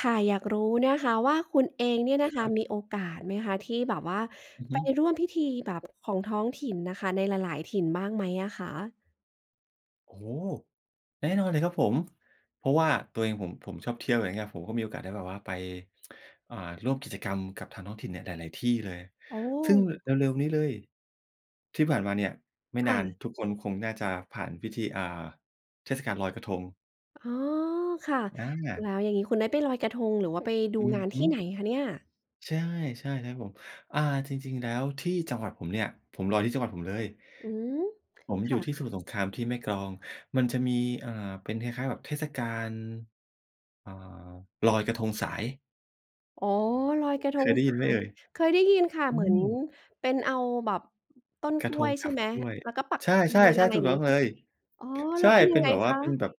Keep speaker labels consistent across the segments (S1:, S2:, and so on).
S1: ค่ะ อยากรู้นะคะว่า คุณเองเนี่ยนะ
S2: ค
S1: คะ
S2: รับ
S1: มีโอกาสไหมคะ ที่แบบว่า
S2: อือ
S1: ไ
S2: ฮ
S1: ป
S2: ึ
S1: ร่วมพิธีแบบของท้องถิ่นน่ะค่ะ ในหลาย ๆ ถิ่นบ้างไหมอะคะ?
S2: โอ้โฮ แน่นอนเลยครับผม เพราะว่าตัวเองผม ผมชอบเที่ยว อย่างเงี้ย ผมก็มีโอกาสได้แบบว่าไป อ่า ร่วมกิจกรรมกับทางท้องถิ่นเนี่ยหลาย ๆ ที่เลย
S1: โอ้
S2: ซึ่ง ร เร็ว ๆ นี้เลย ที่ผ่านมาเนี่ยไม่
S1: ค
S2: น
S1: ่
S2: าน
S1: ะ
S2: ทุกคนคงน่าจะผ่านพิธี อ่า เทศกาลลอยกระทง
S1: อ๋อ ค่ะ
S2: อ
S1: แ
S2: า
S1: ล้วอย่างงี้ คุณได้ไปลอยกระทง หรือว่าไปดู
S2: อือ
S1: งาน
S2: ฮ
S1: ท
S2: ึ
S1: ี่ไหนคะเนี่ย?
S2: ใช่ ๆ เลยครับผม อ่า จริง ๆ แล้วที่จังหวัดผมเนี่ย ผมลอยที่จังหวัดผมเลย
S1: อืม
S2: ผม
S1: ค
S2: อยู
S1: ่
S2: ่ที่
S1: ะ
S2: สมุทรสงครามที่แม่กลอง มันจะมี อ่า เป็นคล้าย ๆ แบบเทศกาล เอ่อ ลอยกระทงสาย
S1: อ๋อ ลอยกระท
S2: เค
S1: ง
S2: ยได้
S1: ส
S2: ยิ
S1: า
S2: นไหม
S1: ย
S2: เอ่ย?
S1: เคยได้ยินค่ะ
S2: อื
S1: เหมือน
S2: ม
S1: เป็นเอาแบบต้น
S2: กร
S1: ก
S2: ะ
S1: ล
S2: ท
S1: ้ว
S2: ง
S1: ย
S2: ก
S1: ใช
S2: า
S1: ่
S2: บ
S1: ไหม
S2: กล้วย
S1: แล้วก็ปัก
S2: ใช
S1: เทียน
S2: ่
S1: อะ
S2: ๆ
S1: ไร
S2: ๆ ถ
S1: อ
S2: ู
S1: ย
S2: ก
S1: ่าง
S2: ต้
S1: งี
S2: อ
S1: ้
S2: ง
S1: เ
S2: เ
S1: ปล
S2: ล
S1: ่าค
S2: ย
S1: ะ อ๋อ
S2: ใ
S1: แ
S2: ช
S1: ล้
S2: ่
S1: วเป็น
S2: เป
S1: ยั
S2: ็
S1: ง
S2: น
S1: ไง
S2: แบบว
S1: ค
S2: ่า
S1: ะ?
S2: เป็นแบบ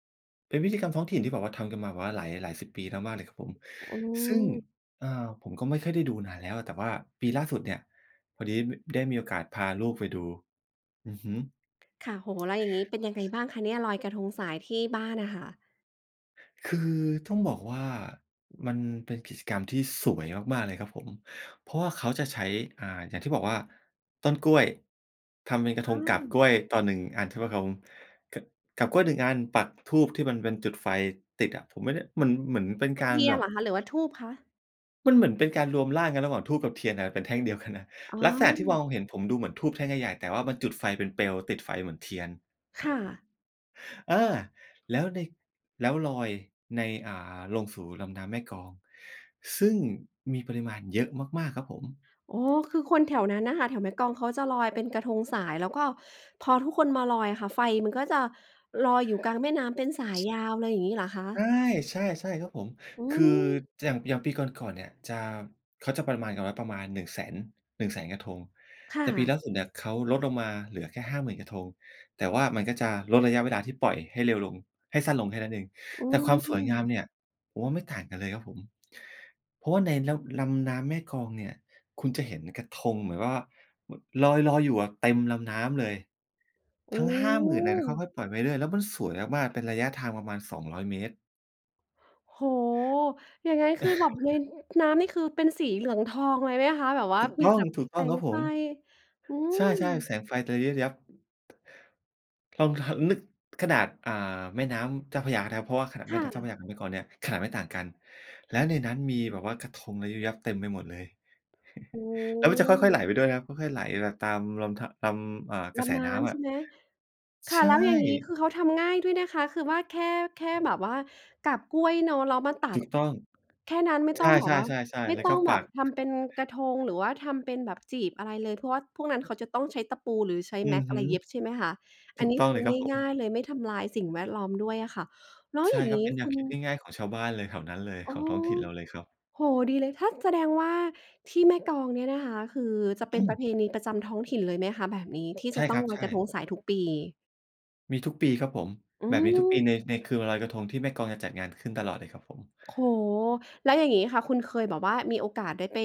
S2: เป็นพิธีกรรมท้องถิ่นที่แบบว่าทำกันมาแบบว่าหลาย หลายสิบปีมาก ๆ เลยครับผม
S1: อื
S2: ซึ่ง
S1: ม
S2: อ่า ผมก็ไม่ค่อยได้ดูนานแล้ว แต่ว่าปีล่าสุดเนี่ย พอดี บ ได้มีโอกาสพาลูกไปดู อือฮึ
S1: ค่ะ โอ้โฮ แล้วอย่างงี้เป็นยังไงบ้างคะเนี่ย ลอยกระทงสายที่บ้านน่ะค่ะ?
S2: คือต้องบอกว่า มันเป็นกิจกรรมที่สวยมาก ๆ เลยครับผม เพราะว่าเขาจะใช้ อ่า อย่างที่บอกว่า ต้นกล้วยทำเป็นกร
S1: ใช
S2: ะทงกาบก
S1: ่
S2: ล้วยต่อ 1 อัน ใช่ไหมครับผม ก กาบกล้วย 1 อันปักธูปที่มันเป็นจุดไฟติดอะ ผมไม่ได้ เหมือน เหมือนเป็น
S1: เป็
S2: ก
S1: น
S2: า
S1: เ
S2: ร
S1: ทีย
S2: แบ
S1: นเ
S2: บ
S1: หรอคะ หรือว่าธูปคะ?
S2: มันเหมือนเป็นการรวมร่างกันระหว่างธูปกับเทียนน่ะเป็นแท่งเดียวกันนะ
S1: อ๋
S2: ลักษณะที่มอ
S1: อ
S2: งเห็นผมดูเหมือนธูปแท่งใหญ่ ๆ แต่ว่ามันจุดไฟเป็นเปลว ติดไฟเหมือนเทียน
S1: ค่ะ
S2: เออ แล้วใน แล้วลอยใน อ่า ลงสู่ลำน้ำแม่กลอง ซึ่งมีปริมาณเยอะมาก ๆ ครับผม
S1: อ๋อ คือคนแถวนั้นน่ะค่ะ แถวแม่กลองเขาจะลอยเป็นกระทงสาย แล้วก็พอทุกคนมาลอยอะค่ะ ไฟมันก็จะลอยอยู่กลางแม่น้ำเป็นสายยาวเลย อย่างงี้เหรอค
S2: ใช
S1: ะ?
S2: ่ ใช่ ๆ ครับผม
S1: อื
S2: คือ
S1: ม
S2: อย่าง อย่างปีก่อน ๆ เนี่ยจะ เขาจะประมาณกันไว้ประมาณ 100,000- 100,000 กระทง
S1: ค่
S2: แต่ปี
S1: ะ
S2: ล่าสุดเนี่ย เขาลดลงมาเหลือแค่ 50,000 กระทง แต่ว่ามันก็จะลดระยะเวลาที่ปล่อยให้เร็วลง ให้สั้นลงแค่นั้นเอง
S1: อื
S2: แต่ความสวยงา
S1: ม
S2: มเนี่ย ผมว่าไม่ต่างกันเลยครับผม เพราะว่าในลำ ลำน้ำแม่กลองเนี่ย คุณจะเห็นกระทงแบบ ว ว่าลอย ลอยอยู่อะเต็มลำน้ำเลย
S1: โอ
S2: ทั
S1: ้
S2: ้ง 50,000 เนี่ย ค่อย ๆ ปล่อยไปเรื่อย ๆ แล้วมันสวยมาก ๆ เป็นระยะทางประมาณ 200 เมตร
S1: โอ้โฮ ยังไง คือแบบในน้ำนี่ คือเป็นสีเหลืองทองเลยไหมคะ? แบบว่
S2: ถ
S1: า
S2: ูก
S1: ม
S2: ต
S1: ี
S2: ้อ
S1: แต
S2: ง
S1: ่
S2: ถูกต
S1: แ
S2: ้
S1: ส
S2: องค
S1: ง
S2: รับผ
S1: ไฟ
S2: ม
S1: อื
S2: ใช
S1: ม
S2: ่ ๆ แสงไฟจะระยิบระยับ ลอง ห นึกขนาด อ่า แม่น้ำเจ้าพระยานะครับ เพราะว่าขนาด
S1: ค
S2: แม่
S1: ่ะ
S2: น้ำเจ้าพระยากับแม่กลองเนี่ย ขนาดไม่ต่างกัน และในนั้นมีแบบว่ากระทงระยิบระยับเต็มไปหมดเลย
S1: อื
S2: แล้วมันจะค่อย ๆ ไหล
S1: ม
S2: ไปด้วยนะครับ ค่อย ๆ ไหลไปตามลม ท ตาม เอ่อ ก
S1: ล
S2: ระแส
S1: ำน้
S2: น้ำ
S1: ำ
S2: อ
S1: ใช
S2: ะ
S1: ่ไหม?
S2: ใ
S1: ค่
S2: ช
S1: ะ แล้วอย่างงี้
S2: ่
S1: คือเขาทำง่ายด้วยนะคะ คือว่าแค่ แค่แบบว่ากาบกล้วยเนาะ แล้วมาตั
S2: ถู
S1: ด
S2: กต้อง
S1: แค่นั้นไม่
S2: ใ
S1: ต
S2: ช
S1: ้องแบบว่า
S2: ่ ๆ
S1: ไ
S2: ๆ
S1: ม
S2: ๆ
S1: ่
S2: แล้ว
S1: ต้
S2: ก
S1: อ
S2: ็
S1: ง
S2: ป
S1: แบ
S2: ั
S1: บ
S2: ก
S1: ทำเป็นกระทง หรือว่าทำเป็นแบบจีบอะไรเลย เพราะว่าพวกนั้นเขาจะต้องใช้ตะปูหรือใช้
S2: อือ
S1: MAX อ
S2: ฮ
S1: ะ
S2: ึ
S1: ไรเย็บใช่ไหมคะ อ
S2: ถ
S1: ั
S2: ู
S1: น
S2: ก
S1: นี้
S2: ต้อ
S1: ค
S2: ง
S1: ื
S2: เล
S1: อ
S2: ยครับผ
S1: ง่
S2: ม
S1: าย ๆ เลย ไม่ทำลายสิ่งแวดล้อมด้วยอะค่ะ แล้ว
S2: ใช่
S1: อย่าง
S2: คร
S1: ง
S2: ับ
S1: ี้
S2: เป็นแน
S1: ค
S2: ว
S1: ุณ
S2: คิดง่าย ๆ ของชาวบ้านเลย แถวนั้นเลย
S1: อ๋
S2: ข
S1: อ
S2: องท้องถิ่นเราเลยครับ
S1: โอ้โฮ ดีเลย ถ้า แสดงว่าที่แม่กลองเนี่ยนะคะ คือจะเป
S2: อ
S1: ็
S2: ื
S1: นป
S2: ม
S1: ระเพณีประจำท้องถิ่นเลยไหมคะ? แบบนี้ ที่
S2: ใช
S1: จะ
S2: ่
S1: ต้
S2: ค
S1: อ
S2: ร
S1: ง
S2: ับ
S1: ล
S2: ใ
S1: อย
S2: ช
S1: กระท
S2: ่
S1: งสายทุกปี
S2: มีทุกปีครับผม
S1: อื
S2: แบบนี้ทุกปี
S1: ม
S2: ใน ในคืนวันลอยกระทง ที่แม่กลองจะจัดงานขึ้นตลอดเลยครับผม
S1: โอ้โฮ แล้วอย่างงี้ค่ะ คุณเคยแบบว่ามีโอกาสได้ไป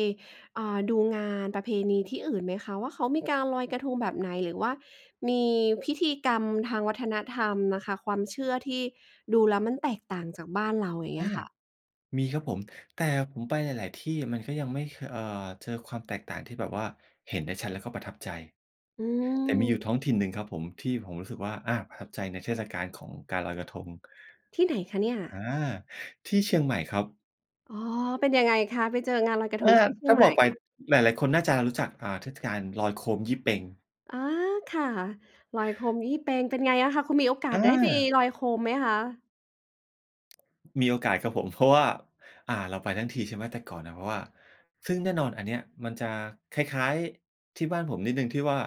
S1: เอ่อ ดูงานประเพณีที่อื่นไหมคะว่า เขามีการลอยกระทงแบบไหน? หรือว่ามีพิธีกรรมทางวัฒนธรรมน่ะค่ะ ความเชื่อที่ดูแล้วมันแตกต่างจากบ้านเรา อย่างเ
S2: อ
S1: งี้
S2: า
S1: ยค่ะ
S2: มีครับผม แต่ผมไปหลาย ๆ ที่อะ มันก็ยังไม่ ข เอ่อ เจอความแตกต่างที่แบบว่า เห็นได้ชัดแล้วก็ประทับใจ
S1: อื
S2: แต่มีอยู่
S1: ม
S2: ท้องถิ่นหนึ่งครับผม ที่ผมรู้สึกว่า อา ประทับใจในเทศกาลของการลอยกระทง
S1: ที่ไหนคะเนี่ย?
S2: อา ที่เชียงใหม่ครับ
S1: อ๋อ เป็นยังไงคะ ไปเจองานลอยกระท
S2: อ
S1: ง
S2: า
S1: ที่เชี
S2: ถ
S1: ย
S2: ้
S1: ง
S2: า
S1: ใ
S2: บ
S1: หม
S2: อ
S1: ่?
S2: กไปหลาย ๆ คนน่าจะรู้จัก อา เทศกาลลอยโคมยี่เป็ง
S1: อา ค่ะ ลอยโคมยี่เป็งเป็นไงอะคะ คุณมีโอกา
S2: อ
S1: สได้ไป
S2: า
S1: ลอยโคมไหมคะ?
S2: มีโอกาสครับผม เพราะว่า อา เราไปทั้งทีใช่ไหม แต่ก่อนอะ เพราะว่า ซึ่งแน่นอนอันเนี้ยมันจะคล้าย ๆ ที่บ้านผมนิดหนึ่งที่ว่า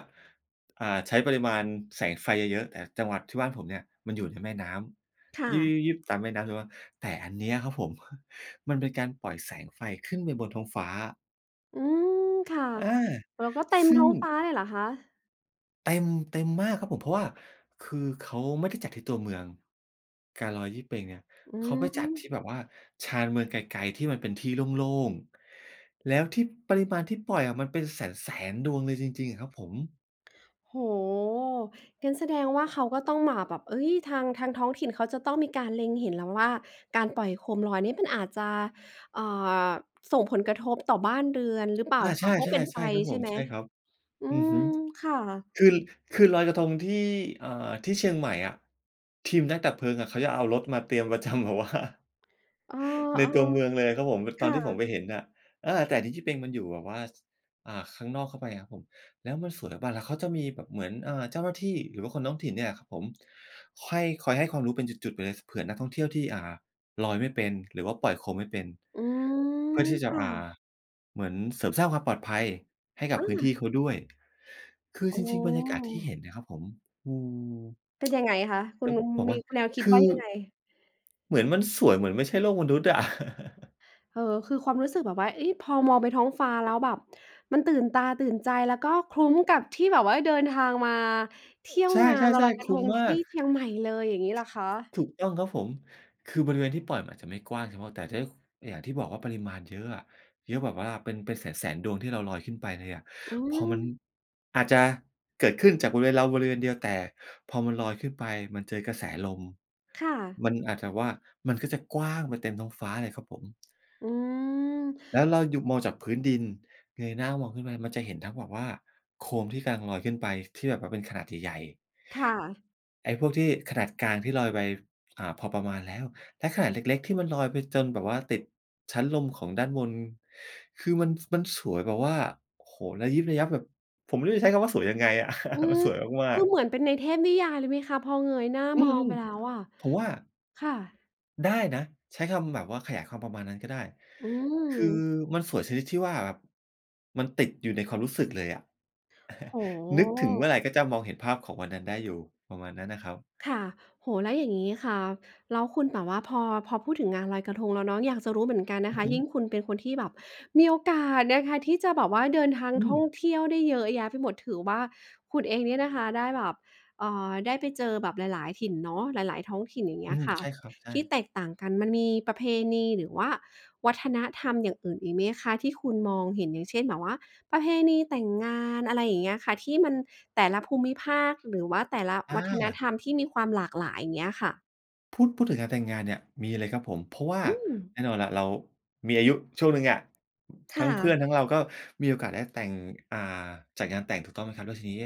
S2: อา ใช้ปริมาณแสงไฟเยอะ ๆ แต่จังหวัดที่บ้านผมเนี่ยมันอยู่ในแม่น้
S1: ค่
S2: ำ
S1: ะ
S2: ยิบ ๆ ๆ ๆ ตามแม่น้ำ แต่ว่า แต่อันเนี้ยครับผม มันเป็นการปล่อยแสงไฟขึ้นไปบนท้องฟ้า
S1: อืม ค่ะ
S2: อา
S1: แล้วก็เต็ม
S2: ซึ่
S1: ท
S2: ง
S1: ้องฟ้าเลยเหรอคะ?
S2: เต็ม เต็มมากครับผม เพราะว่าคือเขาไม่ได้จัดที่ตัวเมือง การลอยยี่เปงเนี่ย
S1: อื
S2: เขาไปจัดที่
S1: ม
S2: แบบว่าชานเมืองไกล ๆ ที่มันเป็นที่โล่ง ๆ แล้วที่ปริมาณที่ปล่อยอะมันเป็นแสน ๆ ดวงเลยจริง ๆ อะครับผม
S1: โอ้โฮ งั้นแสดงว่าเขาก็ต้องมาแบบ เอ๊ย ทาง ทางท้องถิ่นเขาจะต้องมีการเล็งเห็นแล้วว่า การปล่อยโคมลอยเนี่ยมันอาจจะ อา ส่งผลกระทบต่อบ้านเรือนหรือเปล่า
S2: อา
S1: ค
S2: ใช
S1: ะ เพราะเป็นไฟ
S2: ่ ๆ ๆ ครับ
S1: ใ
S2: ผ
S1: ช่
S2: ม
S1: ไหม?
S2: ใช่ครับ
S1: อื
S2: อือฮ
S1: ม
S2: ึ
S1: ค่ะ
S2: คือ คือลอยกระทงที่ อา ที่เชียงใหม่อะ ทีมนักดับเพลิงอะเขาจะเอารถมาเตรียม ประจำแบบว่า
S1: เออ
S2: ในตัวเมืองเลยอะครับผม
S1: ๆ ค
S2: ตอน
S1: ่
S2: ที่ผม
S1: ะ
S2: ไปเห็นอะ อา แต่จริง ๆ ยี่เปงมันอยู่แบบว่า อา ข้างนอกเข้าไปอะครับผม แล้วมันสวย แบบว่า แล้วเขาจะมีแบบเหมือน อา เจ้าหน้าที่หรือว่าคนท้องถิ่นเนี่ยครับผม ค่อย คอยให้ความรู้เป็นจุด ๆ ไปเลย ส เผื่อนักท่องเที่ยวที่ อ่า ลอยไม่เป็น หรือว่าปล่อยโคมไม่เป็น
S1: อื
S2: เพื่อ
S1: ม
S2: ที่จะ
S1: ค่
S2: อ่า
S1: ะ
S2: เหมือนเสริมสร้างความปลอดภัยให้กับ
S1: อ
S2: พื้นที
S1: า
S2: ่เขาด้วย คือ
S1: อ๋
S2: จร
S1: อ
S2: ิง ๆ บรรยากาศที่เห็นนะครับผม อืม
S1: เป็นยังไงคะ ค
S2: เ
S1: ุ
S2: ป็
S1: ณ
S2: น บอก
S1: ม
S2: ว
S1: ี
S2: ่า
S1: แนวคิ
S2: ค
S1: ด
S2: ื
S1: ว่า
S2: อ
S1: ยังไง?
S2: เหมือนมันสวยเหมือนไม่ใช่โลกมนุษย์อะ
S1: เออ คือความรู้สึกแบบว่า เอ๊ะ พอมองไปท้องฟ้าแล้วแบบมันตื่นตาตื่นใจ แล้วก็คุ้มกับที่แบบว่าเดินทางมาเที่ยว
S2: ใช
S1: งานวันล
S2: ่
S1: อย
S2: ๆ
S1: กร
S2: ๆ
S1: ะ
S2: ค
S1: ท
S2: ุ้ม
S1: ง
S2: ม
S1: ท
S2: า
S1: ี่
S2: ก
S1: เชียงใหม่เลย อย่างงี้เหรอคะ?
S2: ถูกต้องครับผม คือบริเวณที่ปล่อยมันอาจจะไม่กว้างเฉพาะ แต่ที ส อย่างที่บอกว่าปริมาณเยอะอะ เยอะแบบว่าเป็น เป็นแสน ๆ ดวงที่เราลอยขึ้นไปเลยอะ
S1: อื
S2: พอมัน
S1: ม
S2: อาจจะเกิดขึ้นจากบริเวณเราบริเวณเดียว แต่พอมันลอยขึ้นไปมันเจอกระแสลม
S1: ค่ะ
S2: มันอาจจะว่า มันก็จะกว้างไปเต็มท้องฟ้าเลยครับผม
S1: อื
S2: แล้ว
S1: ม
S2: เราอยู่มองจากพื้นดิน เงยหน้ามองขึ้นไปมันจะเห็นทั้งแบบว่า โคมที่กำลังลอยขึ้นไปที่แบบว่าเป็นขนาดใหญ่ ๆ
S1: ค่ะ
S2: ไอ้พวกที่ขนาดกลางที่ลอยไป อา พอประมาณแล้ว และขนาดเล็ก ๆ ที่มันลอยไปจนแบบว่าติดชั้นลมของด้านบน คือมัน มันสวยแบบว่า โอ้โฮ ระยิบระยับแบบ ผมไม่รู้จะใช้คำว่าสวยยังไงอ่ะ
S1: อื
S2: มัน
S1: ม
S2: สวยม
S1: ค
S2: า
S1: ื
S2: ก
S1: อ
S2: ๆ
S1: เหมือนเป็นในเทพนิยายเลยไหมคะ พอเงยหน้า
S2: อื
S1: มอ
S2: ม
S1: งไปแล้วอะ?
S2: ๆ ผมว่า
S1: ค่ะ
S2: ได้นะ ใช้คำแบบว่าขยายความประมาณนั้นก็ได้
S1: อื
S2: คือ
S1: ม
S2: มันสวยชนิดที่ว่าแบบมันติดอยู่ในความรู้สึกเลยอะ
S1: โอ้
S2: นึกถึงเมื่อ
S1: โฮ
S2: ไรก็จะมองเห็นภาพของวันนั้นได้อยู่ ประมาณนั้นนะครับ
S1: ค่ะ โอ้โฮ แล้วอย่างงี้ค่ะ แล้วคุณแบบว่า พอ พอพูดถึงงานลอยกระทงแล้วเนาะ อยากจะรู้เหมือนกันน
S2: อื
S1: ะค
S2: อ
S1: ะ
S2: ฮึ
S1: ยิ่งคุณเป็นคนที่แบบมีโอกาสนะคะ ที่จะแบบว่าเดินทาง
S2: อื
S1: ท่อง
S2: ม
S1: เที่ยวได้เยอะแยะไปหมด ถือว่าคุณเองเนี่ยนะคะได้แบบ เอ่อ ได้ไปเจอแบบหลาย ๆ ถิ่นเนาะ หลาย ๆ ท้องถิ่น อย่างเ
S2: อ
S1: งี
S2: ื
S1: ้ย
S2: ม
S1: ค่ะ
S2: ใช่ครับ ใช
S1: ที่
S2: ่
S1: แตกต่างกัน มันมีประเพณี หรือว่าวัฒนธรรมอย่างอื่นอีกไหมคะที่คุณมองเห็น? อย่างเช่น แบบว่าประเพณีแต่งงาน อะไรอย่างเงี้ยค่ะ ที่มันแต่ละภูมิภาค หรือว่าแต่ละ
S2: อ
S1: วัฒน
S2: า
S1: ธรรมที่มีความหลากหลาย อย่างเงี้ยค่ะ?
S2: พูด พูดถึงการแต่งงานเนี่ยมีเลยครับผม เพราะว่า
S1: อืม
S2: แน่นอนแหละเรามีอายุช่วงหนึ่งอะ
S1: ค
S2: ทั
S1: ่
S2: ้งเพื่
S1: ะ
S2: อนทั้งเราก็มีโอกาสได้แต่ง อ่า จัดงานแต่งถูกต้องไหมครับ? แล้วทีนี้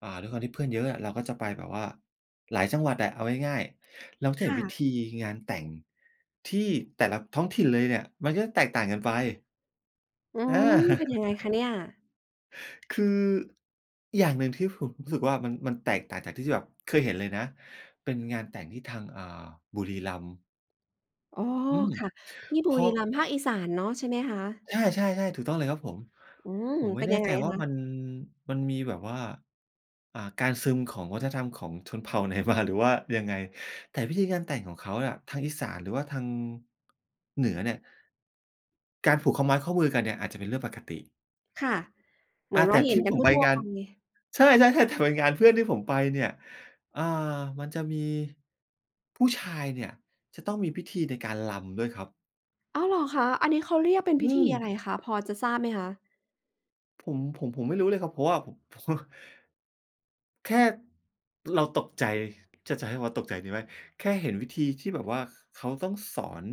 S2: อ่า ด้วยความที่เพื่อนเยอะอะ เราก็จะไปแบบว่าหลายจังหวัดอะ เอาง่าย ๆ เราจะ
S1: ค
S2: เห็น
S1: ่
S2: วิ
S1: ะ
S2: ธีงานแต่งที่แต่ละท้องถิ่นเลยเนี่ย มันก็จะแตกต่างกันไป
S1: อื
S2: อ
S1: ม
S2: า
S1: เป็นยังไงคะเนี่ย?
S2: คืออย่างหนึ่งที่ผมรู้สึกว่า มัน มันแตกต่างจากที่ ที่แบบเคยเห็นเลยนะ เป็นงานแต่งที่ทาง อ่า บุรีรัมย์
S1: อ๋อ
S2: อืม
S1: ค่ะ ที่
S2: เ
S1: บ
S2: พ
S1: ุ
S2: รา
S1: รี
S2: ะ
S1: รัมย์ ภาคอีสานเนาะ ใช่ไหมคะ?
S2: ใช่ ๆ ๆ ถูกต้องเลยครับผม
S1: อืม
S2: ผมไม
S1: เป
S2: ่
S1: ็น
S2: แน่
S1: ยัง
S2: ใ
S1: ไ
S2: จ
S1: ง
S2: ว่า
S1: ค
S2: ม
S1: ะ?
S2: ัน มันมีแบบว่า อ่า การซึมของวัฒนธรรมของชนเผ่า ไหนมา หรือว่ายังไง? แต่วิธีการแต่งของเขาน่ะ ทางอีสานหรือว่าทาง เหนือเนี่ย การผูกข้อไม้ข้อมือกันเนี่ย อาจจะเป็นเรื่องปกติ
S1: ค่ะ เห
S2: ก
S1: มือ
S2: า
S1: น
S2: แ
S1: ว
S2: ต
S1: ่า
S2: ่
S1: เห
S2: ท
S1: ็
S2: ี
S1: น
S2: ่
S1: ก
S2: ผ
S1: ัน
S2: ม
S1: ท
S2: ไป
S1: ั่ว
S2: งา
S1: ๆ ไ
S2: น
S1: ป
S2: ใช่ ๆ ๆ แต่ เป็นงานเพื่อนที่ผมไปเนี่ย อ่า มันจะมี ผู้ชายเนี่ยจะต้องมีพิธีในการรำด้วยครับ
S1: อ้าว เหรอคะ? อันนี้เขาเรียกเป็น
S2: อ
S1: พิ
S2: ื
S1: ธีอะ
S2: ม
S1: ไรคะ? พอจะทราบไหมคะ?
S2: ผม ผม ผมไม่รู้เลยครับ เพราะว่าผม เพราะว่า แค่ เราตกใจ จะ จะให้เรียกว่าตกใจดีไหม แค่เห็นวิธีที่แบบว่า เขาต้องสอน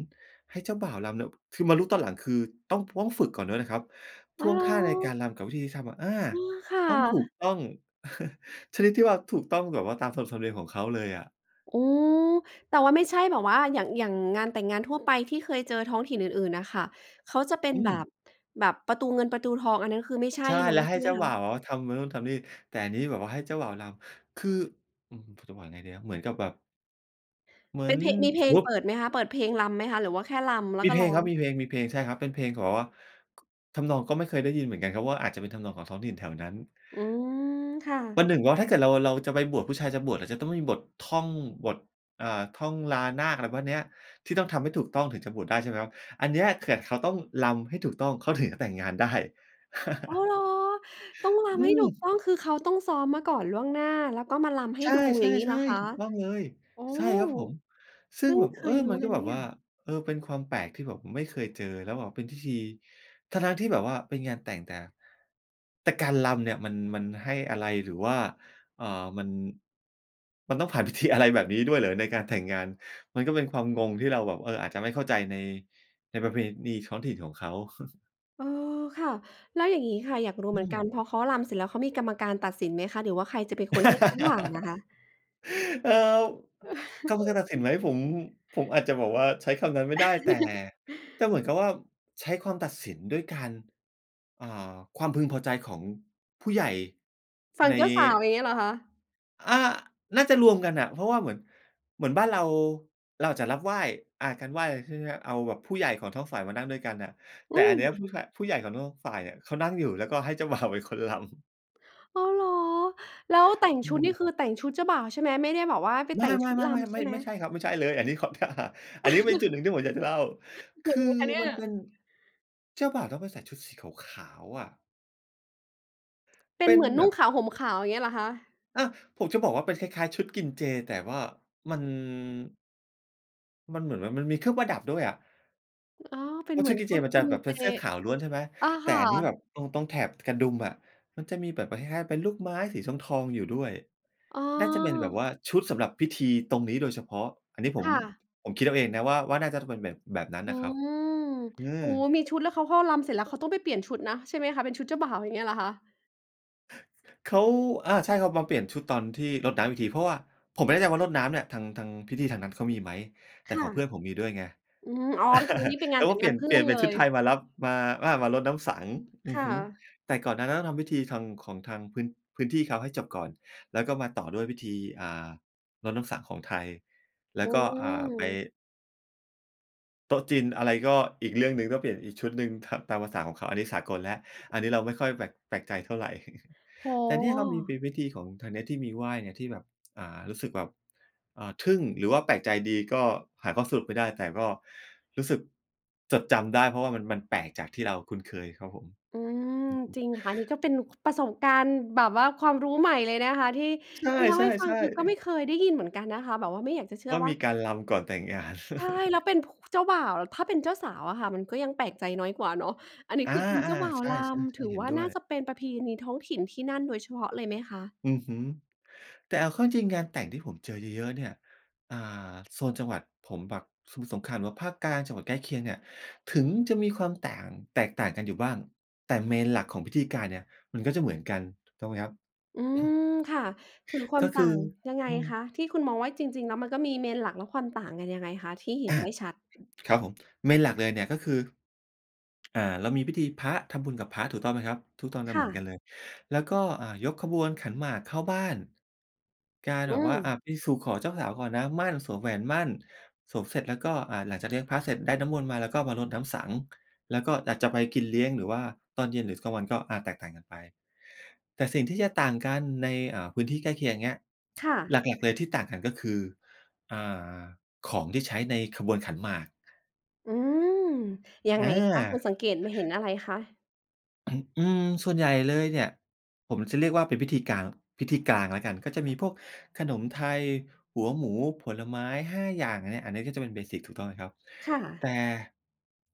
S2: ให้เจ้าบ่าวรำเนี่ย คือ มารู้ตอนหลังคือต้อง ต้องฝึกก่อนด้วยนะครับ ท
S1: อ๋อ
S2: ่ว
S1: เ
S2: ง
S1: หร
S2: ท่าในก
S1: อ?
S2: ารรำกับวิธีที่ทำอะ อา
S1: เออ ค่
S2: ต้องถูก
S1: ะ
S2: ต้อง ชนิดที่ว่า ถูกต้องแบบว่าตานขนบธรรมเนียมของเขาเลยอะ
S1: โอ้ แต่ว่าไม่ใช่แบบว่า อย่าง อย่างงานแต่งงานทั่วไป ที่เคยเจอท้องถิ่นอื่น ๆ น่ะค่ะ เขาจะเป็น
S2: อื
S1: แบ
S2: ม
S1: บ แบบประตูเงินประตูทอง อันนั้นคือไม่ใช่
S2: ใช่
S1: เนา
S2: แล
S1: ะ
S2: ้วใ
S1: ใ
S2: ห
S1: ช
S2: ้
S1: ่ไห
S2: เ
S1: ม
S2: จ้า
S1: ค
S2: บ่
S1: ะ?
S2: าวอะทำนู่นทำนี่ แต่อันนี้แบบว่าให้เจ้าบ่าวรำ คือ อื้อฮือ คือจะบอกยังไงดีนะ เหมือนกับแบบ เหมื
S1: เ
S2: อ
S1: ป็
S2: น
S1: นเพลง มีเพลงเปิดไหมคะ เปิดเพลงรำไหมคะ หรือว่าแค่รำแล้ว
S2: มี
S1: ก็
S2: เพล
S1: ร้
S2: ง
S1: อ
S2: คร
S1: ง?
S2: ับ มีเพลง มีเพลง ใช่ครับ เป็นเพลงของแบบว่า ทำนองก็ไม่เคยได้ยินเหมือนกันครับ ว่าอาจจะเป็นทำนองของท้องถิ่นแถวนั้น
S1: อืม ค่
S2: วัน
S1: ะ
S2: หนึ่งว่าถ้าเกิดเรา เราจะไปบวช ผู้ชายจะบวชจะต้องมีบทท่องบท อ่า ท่องลานาค อะไรพวกนี้ ที่ต้องทำให้ถูกต้องถึงจะบวชได้ใช่ไหมครับ อันเนี้ย เขาต้องรำให้ถูกต้อง เขาถึงจะแต่งงานได้
S1: อ้าวเหรอ ต้องร
S2: อื
S1: ำให้ถูก
S2: ม
S1: ต้อง คือเขาต้องซ้อมมาก่อนล่วงหน้า แล้วก็มารำให้
S2: ใช
S1: ดู อย่างงี้เหร
S2: ่
S1: อค
S2: ๆ
S1: ะ?
S2: ๆ ถูกต้องเลย
S1: อ๋อ
S2: ใช่ครับผม ซ
S1: เ
S2: ึ
S1: พ
S2: ่ง
S1: ิ่ง
S2: แบบ
S1: เค
S2: เออ
S1: ยรู้
S2: มัน
S1: เล
S2: ก็
S1: ยน
S2: แบ
S1: ะ
S2: บ
S1: เนี่
S2: ว่
S1: ย
S2: า เออ เป็นความแปลกที่แบบไม่เคยเจอแล้วแบบเป็นพิธี ทั้ง ๆ ที่แบบว่าเป็นงานแต่งแต่ แต่การรำเนี่ยมัน มันให้อะไร หรือว่า เอ่อ มัน มันต้องผ่านพิธีอะไรแบบนี้ด้วยเหรอในการแต่งงาน มันก็เป็นความงงที่เราแบบ เออ อาจจะไม่เข้าใจใน ในประเพณีท้องถิ่นของเขา
S1: เออ ค่ะ แล้วอย่างนี้ค่ะ อยากรู้เ
S2: อื
S1: หมือนกั
S2: ม
S1: นพอเขารำเสร็จแล้วเขามีกรรมการตัดสินไหมคะ หรือว่าใครจะเป็นคนให้เขาผ่านอะคะ?
S2: เออ คำ ตัดสินไหมผม ผมอาจจะบอกว่า ใช้คำนั้นไม่ได้ แต่ แต่เหมือนกับว่า ใช้ความตัดสินด้วยการ อ่า ความพึงพอใจของผู้ใหญ่
S1: ฝั่
S2: ใ
S1: ง
S2: น
S1: เจ้าสาวอย่างนี้เหรอคะ?
S2: อ่า น่าจะรวมกันอะ เพราะว่าเหมือน เหมือนบ้านเรา เราจะรับไหว้ อ่า การไหว้ ใช่ไหม เอาแบบผู้ใหญ่ของท้องฝ่ายมานั่งด้วยกันอะ แ
S1: อ
S2: ต
S1: ื
S2: ่อันเนี้ยผ
S1: ม
S2: ู้ใหญ่ ผู้ใหญ่ของทุกฝ่ายเนี่ยเขานั่งอยู่ แล้วก็ให้เจ้า บ่าว เป็นคน รำ
S1: อ้าว เหรอ? แล้วแต่ง
S2: อื
S1: ชุดน
S2: ม
S1: ี่คือแต่งชุดเจ้าบ่าวใช่ไหม ไม่ได้แบบว่าไป
S2: ไม
S1: แต
S2: ่
S1: ่
S2: ๆ
S1: งชุดรำใช่
S2: ๆ
S1: ไ
S2: ๆ
S1: ห
S2: ๆ
S1: ม?
S2: ไม่ใช่ครับ ไม่ใช่เลย อันนี้เข้าท่า อันนี้ก็เป็นจุดหนึ่งที่ผมอยากจะเล่า ค
S1: ยั
S2: ื
S1: ง
S2: อ
S1: ไงคะเนี่
S2: ม
S1: ย?
S2: ันเป็น เจ้าบ่าวต้องไปใส่ชุดสีขาว ๆ อะ
S1: เป
S2: เ
S1: ็
S2: ป
S1: น
S2: ็
S1: เ
S2: น
S1: หมือน
S2: แบ
S1: นุ่ง
S2: บ
S1: ขาวห่มขาว อย่างเงี้ยเหรอคะ?
S2: อา ผมจะบอกว่าเป็นคล้าย ๆ ชุดกินเจ แต่ว่ามัน มันเหมือนว่า มันมีเครื่องประดับด้วยอะ
S1: อ๋อ เป็
S2: เพ
S1: น
S2: รา
S1: เ
S2: ะ
S1: ห
S2: ช
S1: ม
S2: ุ
S1: ื
S2: ด
S1: อน
S2: กิน
S1: ช
S2: เจ
S1: ุด
S2: มัน
S1: ก
S2: จะ
S1: ิน
S2: แบบเ
S1: เ
S2: ป
S1: จ
S2: ็นเสื้อขาวล้วน ใช่ไหม
S1: อะ
S2: แ
S1: ค
S2: ต่
S1: ่
S2: อันนี้แบ
S1: ะ
S2: บตรง ตรงแถบกระดุมอะ มันจะมีแบบเป็น คล้าย ๆ เป็นลูกไม้สีทอง ๆ อยู่ด้วย
S1: อ๋อ
S2: น่าจะเป็นแบบว่า ชุดสำหรับพิธีตรงนี้โดยเฉพาะ อันนี้ผ
S1: ค
S2: ม
S1: ่ะ
S2: ผมคิดเอาเองนะว่า ว่าน่าจะต้องเป็นแบบ แบบนั้น
S1: อื
S2: น่ะครับ
S1: ม
S2: อื
S1: โอ
S2: ม
S1: ้โฮ! มีชุดแล้ว เขาก็รำเสร็จแล้ว เขาต้องไปเปลี่ยนชุดนะ ใช่ไหมคะ เป็นชุดเจ้าบ่าว อย่างเงี้ยเหรอคะ?
S2: เขา อา ใช่ เขามาเปลี่ยนชุดตอนที่รดน้ำอีกที เพราะว่า ผมไม่แน่ใจว่ารดน้ำเนี่ย ทาง ทาง พิธีทางนั้นเขามีไหม? แ
S1: ค
S2: ต่
S1: ่ะ
S2: ของเพื่อนผมมีด้วยไง
S1: อืม อ๋อ เป็น คืองี้เป็น
S2: เ
S1: ง
S2: ข
S1: าน
S2: า
S1: แ
S2: ก
S1: ต่
S2: ็
S1: ง
S2: เป
S1: ง
S2: ลี่
S1: าน
S2: ยน
S1: เพื่
S2: เปลี
S1: อ
S2: ่ย
S1: น
S2: นเป
S1: เ
S2: ็
S1: ล
S2: นชุด
S1: ย
S2: ไทยมารับ มา อา มารดน้ำสังข์ อ
S1: ค
S2: ือ
S1: ่
S2: ฮึ
S1: ะ
S2: แต่ก่อนหน้านั้นต้องทำพิธีทาง ของทางพื้น พื้นที่เขาให้จบก่อน แล้วก็มาต่อด้วยพิธี อ่า รดน้ำสังข์ของไทย แล
S1: อ
S2: ้
S1: ื
S2: วก็ อ่า ไป
S1: ม
S2: โต๊ะจีนอะไรก็อีกเรื่องหนึ่ง ต้องเปลี่ยนอีกชุดหนึ่ง ถับ ตามภาษาของเขา อันนี้สากลแล้ว อันนี้เราไม่ค่อยแปลก แปลกใจเท่าไร
S1: โอ้
S2: แต่นี
S1: โ
S2: ่เรามีเป
S1: ฮ
S2: ็นวิธีของทางเนี้ยที่มีไหว้เนี่ย ที่แบบ อ่า รู้สึกแบบ อ่า ทึ่งหรือว่าแปลกใจดี ก็หาข้อสรุปไม่ได้ แต่ก็รู้สึกจดจำได้ เพราะว่ามัน มันแปลกจากที่เราคุ้นเคยครับผม
S1: อืม
S2: อือฮึ
S1: จริงค่ะ นี้ก็เป็นประสบการณ์แบบว่าความรู้ใหม่เลยนะคะ ที่
S2: ใช
S1: ที่เล่าให้ฟัง
S2: ่
S1: คือก็
S2: ๆ
S1: ไ
S2: ๆ
S1: ม่เคยได้ยินเหมือนกันนะคะ แบบว่าไม่อยากจะเชื
S2: ว
S1: ่
S2: ่
S1: อ
S2: า
S1: ว
S2: ม
S1: ่า
S2: ีการรำก่อนแต่งงาน
S1: ใช่ แล้วเป็น ผ เจ้าบ่าวอะ ถ้าเป็นเจ้าสาวอะค่ะ มันก็ยังแปลกใจน้อยกว่าเนาะ อันนี้
S2: อา
S1: คือเป็นเจ้าบ
S2: ๆ
S1: ่า
S2: ๆ
S1: ว
S2: ใช่
S1: ร
S2: ๆ
S1: ำ
S2: ก
S1: ถ
S2: ็
S1: ือ
S2: เห็น
S1: ว่า
S2: ด้
S1: น
S2: ว
S1: ่า
S2: ย
S1: จะเป็นประเพณีท้องถิ่นที่นั่นโดยเฉพาะเลยไหมคะ?
S2: อือฮึ แต่เอาเข้าจริง ๆ งานแต่งที่ผมเจอเยอะ ๆ เนี่ย อ่า โซนจังหวัดผมแบบสมุทรสงครามหรือว่าภาคกลาง จังหวัดใกล้เคียงเนี่ย ถึงจะมีความต่าง แตกต่างกันอยู่บ้าง แต่ Main หลักของพิธีการเนี่ยมันก็จะเหมือนกัน ถูกต้องไหมครับ?
S1: อืม ค่ะ ถือคว
S2: ก
S1: า
S2: ็
S1: ม
S2: ค
S1: ต่
S2: ือ
S1: าง ยังไง
S2: อืม
S1: คะ? ที่คุณมองว่า จริง ๆ แล้วมันก็มี Main หลักและความต่างกันยังไงคะ? ที่เห็
S2: อ
S1: น
S2: ะ
S1: ได้ชัด
S2: ครับผม Main หลักเลยเนี่ย ก็คือ อ่า เรามีพิธีพระ ทำบุญกับพระ ถูกต้องไหมครับ ทุกตอนจ
S1: ค
S2: ะห
S1: ่
S2: มือนกั
S1: ะ
S2: นเลย แล้วก็ อ่า ยกขบวนขันหมากเข้าบ้าน การ
S1: อ
S2: แ
S1: ื
S2: บบว่า อ
S1: ม
S2: ะ ไปสู่ขอเจ้าสาวก่อนนะ หมั้น สวมแหวนหมั้น สวมเสร็จแล้วก็ อ่า หลังจาก เลี้ยงพระเสร็จได้น้ำมนต์มาแล้ว ก็มารดน้ำสังข์ แล้วก็อาจจะไปกินเลี้ยง หรือว่าตอนเย็นหรือกลางวันก็ อะ แตกต่างกันไป แต่สิ่งที่จะต่างกันใน เอ่อ พื้นที่ใกล้เคียง เงี้ย
S1: ค่ะ
S2: หลัก ๆ เลยที่ต่างกัน ก็คือ อ่า ของที่ใช้ในขบวนขันหมาก
S1: อืม ยั
S2: อ
S1: งไงคะ คุ
S2: า
S1: ณสังเกตุ มาเห็นอะไรคะ?
S2: อืม ส่วนใหญ่เลยเนี่ย ผมจะเรียกว่าเป็นพิธีกลาง พิธีกลางแล้วกัน ก็จะมีพวกขนมไทย หัวหมู ผลไม้ 5 อย่างเนี่ย อันเนี้ยก็จะเป็น เบสิก ถูกต้องไหมครับ
S1: ค่
S2: แ
S1: ะ
S2: ต่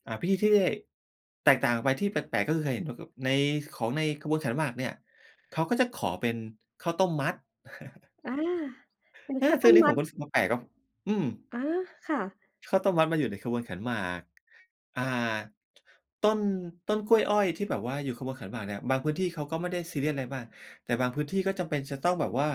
S2: อ่า พิธีที่ แตกต่างออกไปที่แปลก ๆ ก็คือเคยเห็นแบบ แบบใน ของในขบวนขันหมากเนี่ย เขาก็จะขอเป็นข้าวต้มมัด
S1: อา เป็น
S2: เออ
S1: ข้าว
S2: ซ
S1: ต
S2: ึ่ง
S1: ้
S2: อั
S1: ม
S2: นนี้
S1: ม
S2: ผ
S1: ั
S2: ม
S1: ด
S2: ก็รู้สึกว่าแปลกครับ อืม
S1: อา ค่ะ
S2: ข้าวต้มมัดมาอยู่ในขบวนขันหมาก อ่า ต้น ต้นกล้วยอ้อยที่แบบว่าอยู่ขบวนขันหมากเนี่ย บางพื้นที่เขาก็ไม่ได้ซีเรียสอะไรมาก แต่บางพื้นที่ก็จำเป็นจะต้องแบบว่า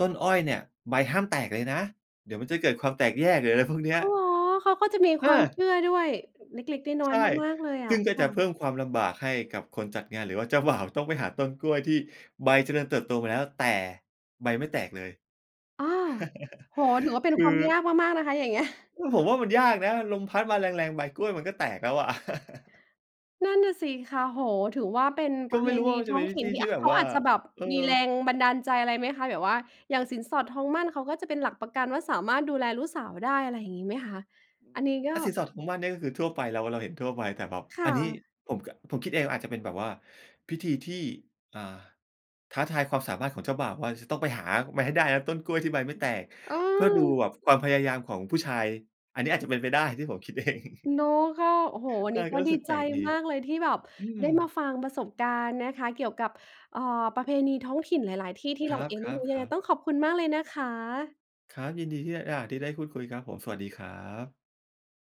S2: ต้นอ้อยเนี่ยใบห้ามแตกเลยนะ เดี๋ยวมันจะเกิดความแตกแยก หรืออะไรพวกเนี้
S1: อ
S2: ย
S1: ้าว เหรอ? เขาก็จะมี
S2: อ
S1: ควา
S2: า
S1: มเชื่อด้วย อ เล็ก ๆ น้อ
S2: ใช
S1: ย
S2: ่
S1: ๆ มาก ๆ เลยอ
S2: ซ
S1: ่
S2: ึ
S1: ะ
S2: ่งก็
S1: ค
S2: จ
S1: ่
S2: ะ
S1: ะ
S2: เพิ่มความลำบากให้กับคนจัดงาน หรือว่าเจ้าบ่าวต้องไปหาต้นกล้วยที่ใบเจริญเติบโตมาแล้ว แต่ใบไม่แตกเลย
S1: อ้อ โอ้โฮ ถือว่าเป็
S2: ค
S1: น
S2: ื
S1: ค
S2: อ
S1: วามยากมาก ๆ นะคะ อย่างเงี้ย
S2: อืม ผมว่ามันยากนะ ลมพัดมาแรง ๆ ใบกล้วยมันก็แตกแล้วอะ
S1: นั่นน่ะสิคะ โอ้โฮ ถือว่าเป็น
S2: ก
S1: ป
S2: ็
S1: ระเ
S2: ไ
S1: พ
S2: ม่รู้
S1: ณ
S2: ว่
S1: ี
S2: า มัน
S1: ท
S2: จะ
S1: ้
S2: เ
S1: อ
S2: ป็
S1: ง
S2: นวิ
S1: ถิ่
S2: ธ
S1: น
S2: ี
S1: ที่
S2: ที่
S1: อะ
S2: แบ
S1: เ
S2: บ
S1: ขา
S2: ว่า
S1: อาจจะแบบ
S2: เออ
S1: มีแรงบันดาลใจอะไรไหมคะ? แบบว่าอย่างสินสอดทองหมั้น เขาก็จะเป็นหลักประกันว่า สามารถดูแลลูกสาวได้ อะไรอย่างงี้ไหมคะ? อันนี้ก็
S2: อ่า สินสอดของทองหมั้นก็คือทั่วไป เรา เราเห็นทั่วไป แต่แบบ
S1: ค่
S2: อันนี้
S1: ะ
S2: ผมกะ ผมคิดเองอะ อาจจะเป็นแบบว่า พิธีที่ อ่า ท้าทายความสามารถของเจ้าบ่าวว่าจะต้องไปหามาให้ได้นะ ต้นกล้วยที่ใบไม่แตก เพื่อดู
S1: เออ
S2: แบบความพยายามของผู้ชาย อันนี้อาจจะเป็นไปได้ที่ผมคิด เอง
S1: เนาะ ก็ โอ้โฮ วัน
S2: ใช
S1: น
S2: ่
S1: ี้
S2: ก
S1: ก
S2: ็
S1: ็
S2: รู้
S1: ดี
S2: สึกแ
S1: ใ
S2: ป
S1: จ
S2: ลกดี
S1: มากเลยที่แบบ
S2: อืม
S1: ได้มาฟังประสบการณ์นะคะ เกี่ยวกับ เอ่อ ประเพณีท้องถิ่นหลาย ๆ ที่ ที่
S2: ค
S1: เ
S2: ร
S1: ราเองไม่
S2: ั
S1: ร
S2: บ
S1: ู้ ยังไง
S2: ๆ ๆ
S1: ต้องขอบคุณมากเลยนะคะ
S2: ครับ ยินดีที่ได้ อา ได้พูดคุยครับผม สวัสดีครับ